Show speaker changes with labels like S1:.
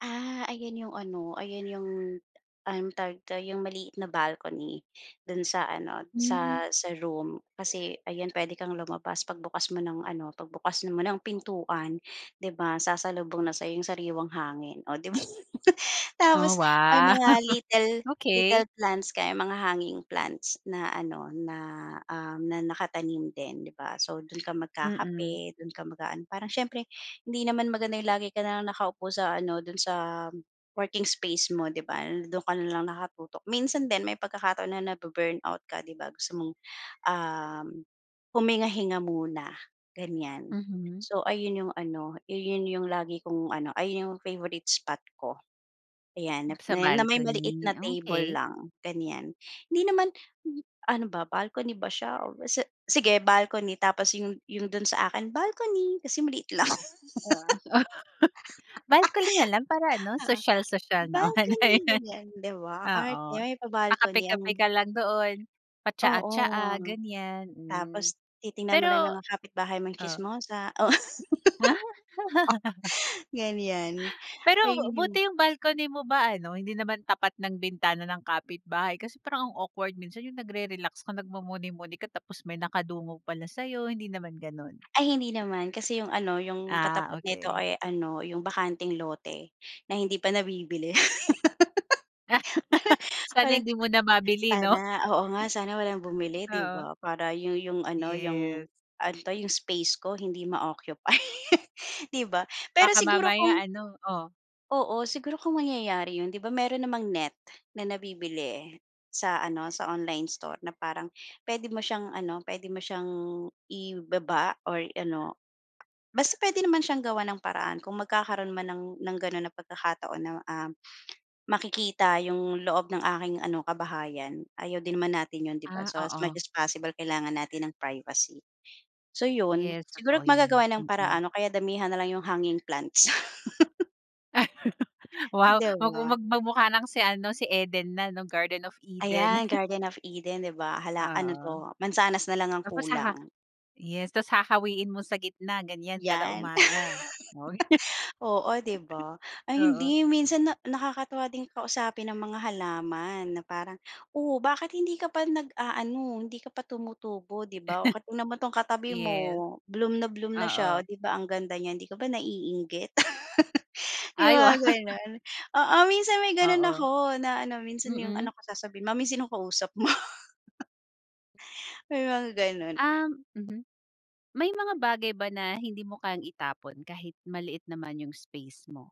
S1: Ah, ayan 'yong ano, ayan 'yong anong tawag 'to, 'yong maliit na balcony do'n sa ano,
S2: Hmm.
S1: sa sa room. Kasi ayan, pwede kang lumabas pagbukas mo ng ano, pagbukas mo ng pintuan 'di ba, sasalubong na sa'yo yung sariwang hangin o 'di ba.
S2: Oh,
S1: Tapos may
S2: wow!
S1: mga little
S2: Okey.
S1: little plants kami, mga hanging plants na ano, na, um, na nakatanim din, 'di ba. So, dun ka
S2: Mm.
S1: magkakape, dun ka mag-aano, parang siyempre hindi naman maganda yung lagi ka na lang nakaupo sa ano, do'n sa working space mo, 'di ba, do'n ka na lang nakatutok. Minsan din may pagkakataon na nabu-burn out ka 'di ba gusto mong, um huminga-hinga muna, ganyan.
S2: Mhm.
S1: So, ayun yung ano, yun yung lagi kong ano, ayun yung favourite spot ko. Ayan,
S2: Sa
S1: na may maliit
S2: balcony,
S1: na table
S2: okey.
S1: lang, ganyan. Hindi naman ano ba, balcony ba siya o basta sige, balcony tapos yung yung dun sa akin balcony kasi maliit lang. Oo.
S2: Oo, balcony na lang para ano, sosyal-sosyal naman.
S1: Balcony
S2: Ayun,
S1: ganyan, 'di ba, ang
S2: oo,
S1: arte may pa-balcony
S2: pa-kape-kape
S1: ang
S2: ka lang doon, pa-tsaa-tsaa,
S1: Oo,
S2: ganyan, hmm.
S1: tapos titingnan mo lang yung
S2: Pero
S1: mga kapitbahay mong
S2: oh.
S1: chismosa, oh.
S2: Ah.
S1: Ganyan,
S2: Pero
S1: ayun yung
S2: buti yung balcony mo ba ano, hindi naman tapat ng bintana ng kapitbahay? Kasi parang ang awkward minsan yung nagre-relax ka, nagmumuni-muni ka tapos may nakadungog pala sa'yo, hindi naman gano'n?
S1: Ay hindi naman kasi yung ano, yung
S2: Ah,
S1: katapat nito
S2: okey.
S1: ay ano, yung bakanteng lote na hindi pa nabibili.
S2: Sana
S1: Parang
S2: hindi muna
S1: parang
S2: mabili 'no?
S1: sana oo nga, sana walang bumili 'di
S2: Oo.
S1: ba para yu yung ano, yung
S2: Yes.
S1: ano 'to, yung space ko hindi ma-occupy, 'di ba? Pero
S2: Baka
S1: siguro
S2: mamaya
S1: kung
S2: ano oh.
S1: Oo. Siguro kung mangyayari 'yon 'di ba meron namang net na nabibili sa ano, sa online store na parang pwede mo siyang ano, pwede mo siyang ibaba or ano, basta puwede naman siyang gawan ng paraan. Kung magkakaroon man ng ng gano'n na pagkakataon na, um, makikita 'yong loob ng aking ano, kabahayan ayaw din naman natin 'yon, 'di ba?
S2: Ah,
S1: So, as
S2: oo.
S1: much as possible kailangan natin ng privacy. So, 'yon,
S2: Yes,
S1: siguro
S2: totoo 'yan,
S1: magagawan ng
S2: mm.
S1: paraan o kaya damihan na lang 'yong hanging plants.
S2: Wow!
S1: 'Di
S2: Waku
S1: ba?
S2: mag magmukha ng si ano, si Eden na 'no, Garden of Eden.
S1: Ayan. Garden of Eden 'di ba, hala ano
S2: Oo.
S1: 'to? Mansanas na lang ang
S2: Tapos sa ha
S1: kulang.
S2: yes, tapos hahawiin mo sa gitna, ganyan kada
S1: 'Yan.
S2: umaga, uy.
S1: Oo, 'di ba, ay
S2: Oo.
S1: hindi minsan na nakakatuwa din kausapin ang mga halaman na parang, "Oh, bakit hindi ka pa nag-aano, hindi ka pa tumutubo, 'di ba. Oh ka tignan mo tong katabi mo
S2: Yes,
S1: bloom na bloom na siya
S2: oo.
S1: 'di ba ang ganda niya hindi ka ba naiinggit?" Yung
S2: Ay wow!
S1: mga ganun. Oo, minsan may gano'n
S2: Oo,
S1: ako na ano minsan yung
S2: mm.
S1: anak ko sasabihin, "Mommy sinong kausap mo?" May mga gano'n.
S2: Um, mhm. May mga bagay ba na hindi mo kayang itapon kahit maliit naman yung space mo?